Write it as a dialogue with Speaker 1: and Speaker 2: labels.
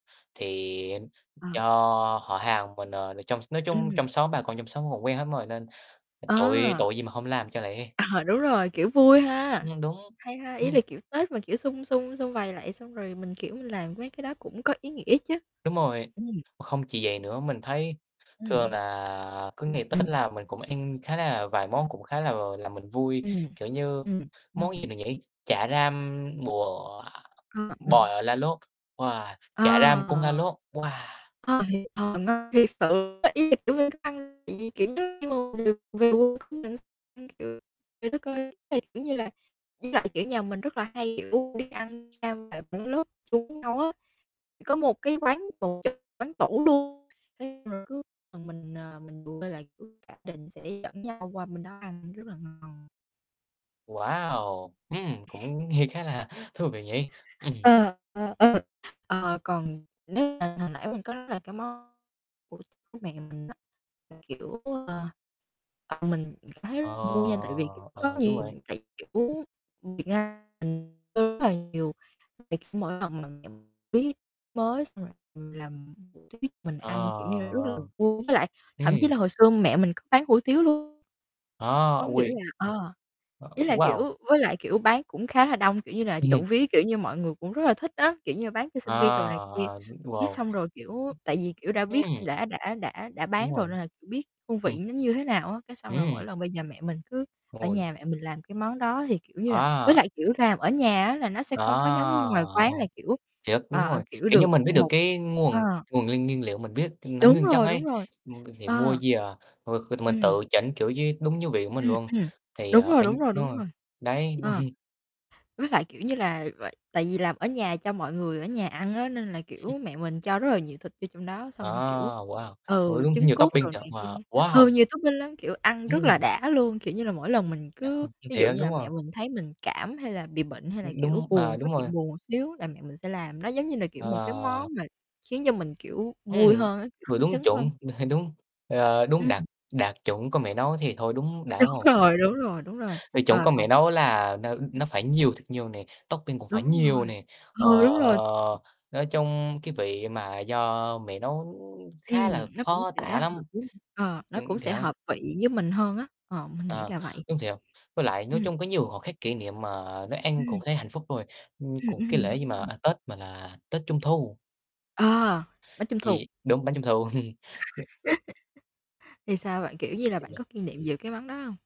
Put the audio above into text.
Speaker 1: Thì
Speaker 2: À.
Speaker 1: do họ hàng mình, ờ, trong nói chung
Speaker 2: Ừm.
Speaker 1: trong xóm, bà con trong xóm còn quen hết mà, nên tội
Speaker 2: À.
Speaker 1: tội gì mà không làm cho lẹ.
Speaker 2: À, đúng rồi, kiểu vui ha.
Speaker 1: Nhưng đúng,
Speaker 2: Hay ha, ý là
Speaker 1: ừm.
Speaker 2: kiểu Tết mà kiểu xum xum xum vầy lại xong rồi mình, kiểu, mình làm mấy cái đó cũng có ý nghĩa chứ.
Speaker 1: Đúng rồi,
Speaker 2: Ừm.
Speaker 1: không chỉ vậy nữa. Mình thấy
Speaker 2: Ừm.
Speaker 1: thường là cứ ngày Tết
Speaker 2: Ừm.
Speaker 1: là mình cũng ăn khá là vài món cũng khá là làm mình vui,
Speaker 2: Ừm,
Speaker 1: kiểu như
Speaker 2: ừm,
Speaker 1: món gì
Speaker 2: ừm.
Speaker 1: nhỉ, chả ram bò
Speaker 2: Ờ, ờ.
Speaker 1: bò là lốt. Wow, chả ram cuốn lá
Speaker 2: Ờ.
Speaker 1: lốt, wow!
Speaker 2: Ờ [unintelligible] thiệt sự [unintelligible] trời đất ơi, ý là, kiểu như là, với lại nhà mình kiểu là hay, kiểu, đi ăn [unintelligible] chung với nhau á. Thì có một cái quán [unintelligible] quán tủ luôn. [unintelligible] Cả gia đình sẽ dẫn nhau qua bên đó ăn, rất là ngon.
Speaker 1: Wow, ừm, cũng nghe khá là thú vị nhỉ. Ừm.
Speaker 2: Ờ, ờ, ờ. Ờ, còn nếu mà hồi nãy mình có là cái món của của mẹ mình á, là kiểu, ờ, ờ, mình cảm thấy
Speaker 1: Ờ,
Speaker 2: rất vui nha tại vì có
Speaker 1: ờ, đúng
Speaker 2: nhiều
Speaker 1: rồi ấy.
Speaker 2: tại, kiểu, Việt Nam mình [unintelligible] mỗi lần mà mẹ mình [unintelligible] mới xong rồi, ừm, làm hủ tiếu mình ăn, kiểu như, rất là
Speaker 1: Ờ.
Speaker 2: vui với lại thậm chí
Speaker 1: Ừm.
Speaker 2: là hồi xưa mẹ mình có bán hủ tiếu luôn.
Speaker 1: Ơ,
Speaker 2: Có nghĩa
Speaker 1: ôi.
Speaker 2: là
Speaker 1: Ờ,
Speaker 2: ờ,
Speaker 1: ơ,
Speaker 2: ý là,
Speaker 1: wow.
Speaker 2: kiểu, với lại, kiểu, bán cũng khá là đông. Kiểu như là trộm vía, kiểu như mọi người cũng rất là thích á. Kiểu như là, bán cho sinh viên đồ
Speaker 1: À,
Speaker 2: này kia.
Speaker 1: à, ưm,
Speaker 2: Cái
Speaker 1: wow.
Speaker 2: xong rồi, kiểu, tại vì kiểu đã biết
Speaker 1: Ừm.
Speaker 2: đã đã đã đã
Speaker 1: Đúng
Speaker 2: bán rồi
Speaker 1: rồi.
Speaker 2: nên là biết hương vị
Speaker 1: Ừm.
Speaker 2: nó như thế nào á. Cái xong rồi
Speaker 1: Ừm.
Speaker 2: mỗi lần bây giờ mẹ mình cứ ở
Speaker 1: Ôi,
Speaker 2: nhà mẹ
Speaker 1: thiệt!
Speaker 2: mình làm cái món đó thì, kiểu như là với
Speaker 1: À.
Speaker 2: lại, kiểu, làm ở nhà á, là nó sẽ
Speaker 1: À,
Speaker 2: không có giống như ngoài quán là
Speaker 1: ô.
Speaker 2: kiểu,
Speaker 1: Thiệt, đúng
Speaker 2: ờ,
Speaker 1: rồi.
Speaker 2: kiểu,
Speaker 1: Kiểu
Speaker 2: được
Speaker 1: như mình biết được
Speaker 2: một
Speaker 1: cái nguồn
Speaker 2: ờ.
Speaker 1: nguồn nguyên nguyên liệu, mình biết nó
Speaker 2: Đúng
Speaker 1: nguyên chất
Speaker 2: rồi, đúng
Speaker 1: ấy,
Speaker 2: rồi,
Speaker 1: ừm, thì mua
Speaker 2: ờ.
Speaker 1: về, ờ, ờ, mình
Speaker 2: Ừm.
Speaker 1: tự chỉnh, kiểu như, đúng như vị của mình
Speaker 2: Ừm,
Speaker 1: luôn.
Speaker 2: ừm.
Speaker 1: Thì,
Speaker 2: Đúng
Speaker 1: ở,
Speaker 2: rồi,
Speaker 1: nh
Speaker 2: đúng rồi,
Speaker 1: đúng
Speaker 2: đúng
Speaker 1: rồi,
Speaker 2: rồi.
Speaker 1: đấy.
Speaker 2: Ờ. Với lại, kiểu như là v tại vì là ở nhà cho mọi người ở nhà ăn á, nên là,
Speaker 1: Ừm.
Speaker 2: kiểu, mẹ mình cho rất là nhiều thịt vô trong đó,
Speaker 1: À,
Speaker 2: xong rồi, kiểu,
Speaker 1: wow, ơ,
Speaker 2: ừ,
Speaker 1: đúng,
Speaker 2: trứng
Speaker 1: nhiều
Speaker 2: cút đồ
Speaker 1: topping thiệt,
Speaker 2: này kia
Speaker 1: wow
Speaker 2: ừ,
Speaker 1: wow.
Speaker 2: nhiều topping lắm, kiểu, ăn rất là
Speaker 1: Ừm.
Speaker 2: đã luôn. Kiểu như là mỗi lần mình
Speaker 1: À,
Speaker 2: cứ
Speaker 1: hông, thiệt
Speaker 2: ví dụ
Speaker 1: á,
Speaker 2: như là
Speaker 1: đúng
Speaker 2: mẹ
Speaker 1: hông?
Speaker 2: mình thấy mình cảm, hay là bị bệnh, hay là,
Speaker 1: Ưm,
Speaker 2: kiểu,
Speaker 1: đúng, à,
Speaker 2: buồn có
Speaker 1: đúng rồi.
Speaker 2: chuyện buồn một xíu là mẹ mình sẽ làm. Nó giống như là, kiểu, một cái
Speaker 1: Ờ.
Speaker 2: món mà khiến cho mình, kiểu, vui
Speaker 1: Ừm,
Speaker 2: hơn á, kiểu,
Speaker 1: vừa
Speaker 2: phấn
Speaker 1: đúng
Speaker 2: chấn
Speaker 1: chuẩn.
Speaker 2: hơn.
Speaker 1: Đúng, ờ, đúng
Speaker 2: Ừm.
Speaker 1: đạt đạt chuẩn có mẹ nấu thì thôi, đúng đã,
Speaker 2: Đúng
Speaker 1: đúng hông.
Speaker 2: rồi, đúng rồi, đúng rồi.
Speaker 1: Vị chuẩn
Speaker 2: Ờ,
Speaker 1: cơm
Speaker 2: còn
Speaker 1: mẹ nấu là nó nó phải nhiều thật nhiều nè, topping cũng phải
Speaker 2: Đúng rồi,
Speaker 1: nhiều nè. Ờ,
Speaker 2: ừ, đúng rồi.
Speaker 1: nói chung cái vị mà do mẹ nấu khá
Speaker 2: Ừm,
Speaker 1: là
Speaker 2: nó cũng
Speaker 1: khó
Speaker 2: sẽ
Speaker 1: tả
Speaker 2: hợp
Speaker 1: lắm.
Speaker 2: với ờ, nó
Speaker 1: Ừm,
Speaker 2: cũng
Speaker 1: thì
Speaker 2: sẽ
Speaker 1: đấy.
Speaker 2: hợp vị với mình hơn á. Ờ, mình nghĩ
Speaker 1: Ờ,
Speaker 2: là vậy.
Speaker 1: đúng thiệt. Với lại, nói
Speaker 2: Ừm.
Speaker 1: chung có nhiều khoảnh khắc kỷ niệm mà nấu ăn cũng
Speaker 2: Ừm.
Speaker 1: thấy hạnh phúc rồi. Ừm,
Speaker 2: Ừm,
Speaker 1: còn cái
Speaker 2: ừm,
Speaker 1: lễ gì,
Speaker 2: đúng rồi.
Speaker 1: à, Tết, mà là tết Trung thu.
Speaker 2: À, bánh Trung thu.
Speaker 1: Vị úng, bánh Trung thu. [unintelligible]
Speaker 2: Thì sao bạn, kiểu như là bạn
Speaker 1: [unintelligible]
Speaker 2: có kỷ niệm về cái món đó hông?